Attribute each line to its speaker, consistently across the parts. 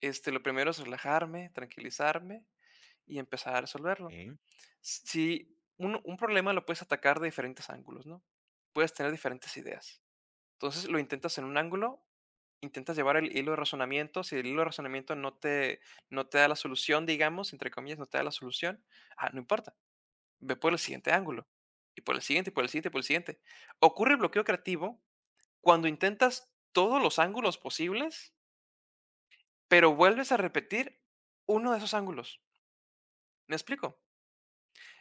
Speaker 1: Este, lo primero es relajarme, tranquilizarme y empezar a resolverlo.
Speaker 2: Em.
Speaker 1: S si un un problema lo puedes atacar de diferentes ángulos, ¿no? Puedes tener diferentes ideas. Entonces, lo intentas en un ángulo, intentas llevar el hilo de razonamiento. Si el hilo de razonamiento no te no te da la solución, digamos, entre comillas, no te da la solución, ah, no importa. Ve por el siguiente ángulo y por el siguiente, y por el siguiente, y por el siguiente. Ocurre el bloqueo creativo cuando intentas todos los ángulos posibles, pero vuelves a repetir uno de esos ángulos. ¿Me explico?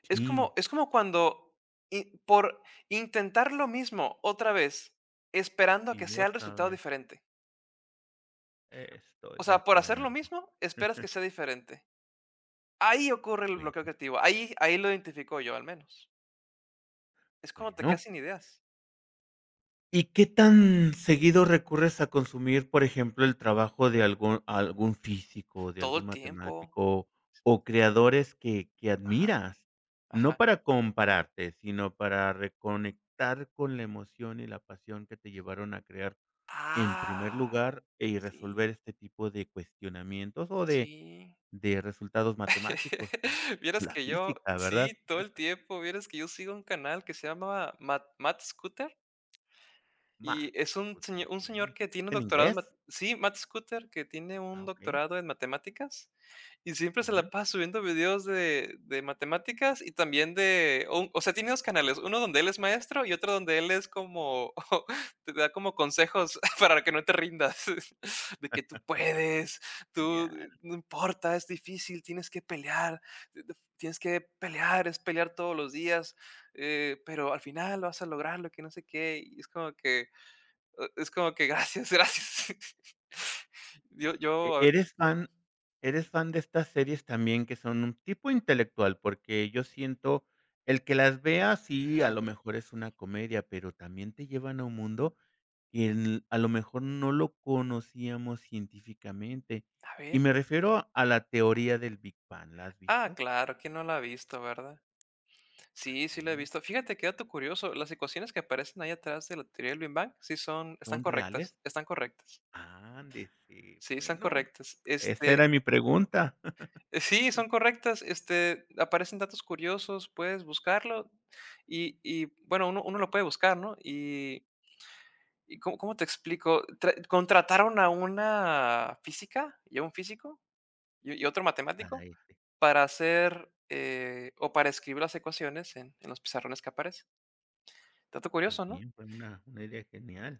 Speaker 1: Es
Speaker 2: Sí.
Speaker 1: como es como cuando i por intentar lo mismo otra vez esperando a que
Speaker 2: Y
Speaker 1: sea el
Speaker 2: otra
Speaker 1: resultado
Speaker 2: vez.
Speaker 1: diferente.
Speaker 2: Estoy
Speaker 1: O
Speaker 2: de
Speaker 1: sea, por hacer lo
Speaker 2: acuerdo.
Speaker 1: mismo, esperas que sea diferente. Ahí ocurre el bloqueo
Speaker 2: Bueno.
Speaker 1: creativo. Ahí ahí lo identifico yo, al menos. Es cuando te
Speaker 2: Bueno.
Speaker 1: quedas sin ideas.
Speaker 2: ¿Y qué tan seguido recurres a consumir, por ejemplo, el trabajo de algún algún físico, de
Speaker 1: Todo
Speaker 2: algún
Speaker 1: el tiempo.
Speaker 2: matemático o creadores que que
Speaker 1: Ajá.
Speaker 2: admiras? No
Speaker 1: Ajá.
Speaker 2: para compararte, sino para reconectar con la emoción y la pasión que te llevaron a crear en primer
Speaker 1: ¡Ah!
Speaker 2: lugar y resolver
Speaker 1: Sí.
Speaker 2: este tipo de cuestionamientos o de
Speaker 1: Sí.
Speaker 2: de resultados matemáticos o con
Speaker 1: Vieras
Speaker 2: la
Speaker 1: que yo
Speaker 2: física,
Speaker 1: sí,
Speaker 2: ¿verdad?
Speaker 1: todo el tiempo. Vieras que yo sigo un canal que se llama Ma Matt Scooter Y
Speaker 2: Matt
Speaker 1: es un
Speaker 2: Scooter,
Speaker 1: señ un
Speaker 2: okey
Speaker 1: señor
Speaker 2: ¿es
Speaker 1: que tiene un
Speaker 2: en
Speaker 1: doctorado en
Speaker 2: inglés?
Speaker 1: ma sí, Matt Scooter, que tiene
Speaker 2: Ah,
Speaker 1: un
Speaker 2: okey.
Speaker 1: doctorado en matemáticas y siempre se
Speaker 2: Ujú.
Speaker 1: la pasa subiendo videos de de matemáticas y también de o un o sea, tiene dos canales, uno donde él es maestro y otro donde él es como te da como consejos para que no te rindas, de que tú puedes, tú
Speaker 2: Genial.
Speaker 1: no importa, es difícil, tienes que pelear tienes que pelear, es pelear todos los días, eh, pero al final vas a lograrlo, que no sé qué. Y es como que es como que gracias, gracias. Yo,
Speaker 2: E
Speaker 1: yo
Speaker 2: eres fan eres fan de estas series también que son un tipo intelectual, porque yo siento el que las veas sí, a
Speaker 1: Ajá.
Speaker 2: lo mejor es una comedia, pero también te llevan a un mundo que a lo mejor no lo conocíamos científicamente.
Speaker 1: A
Speaker 2: Y
Speaker 1: ver.
Speaker 2: me refiero a la teoría del Big Bang, ¿la has
Speaker 1: Ah,
Speaker 2: visto?
Speaker 1: claro, quién no la ha visto, ¿verdad? Sí, sí
Speaker 2: Así
Speaker 1: la he
Speaker 2: es.
Speaker 1: visto. Fíjate, qué dato curioso. Las ecuaciones que aparecen ahí atrás de la "Theory of the Big Bang" sí son están
Speaker 2: ¿Son reales?
Speaker 1: correctas. Están correctas.
Speaker 2: Ándese.
Speaker 1: Sí, están
Speaker 2: Bueno,
Speaker 1: correctas.
Speaker 2: esa
Speaker 1: Este
Speaker 2: era mi pregunta
Speaker 1: Sí, son correctas. Este, aparecen datos curiosos, puedes buscarlo y y bueno, uno, uno lo puede buscar, ¿no? Y y ¿có-cómo te explico? Tra contrataron a una física y a un físico y y otro
Speaker 2: A la
Speaker 1: matemático
Speaker 2: efe.
Speaker 1: para hacer, eh, o para escribir las ecuaciones en en los pizarrones que aparecen. Dato curioso, ¿no?
Speaker 2: Bien, pues una una media genial.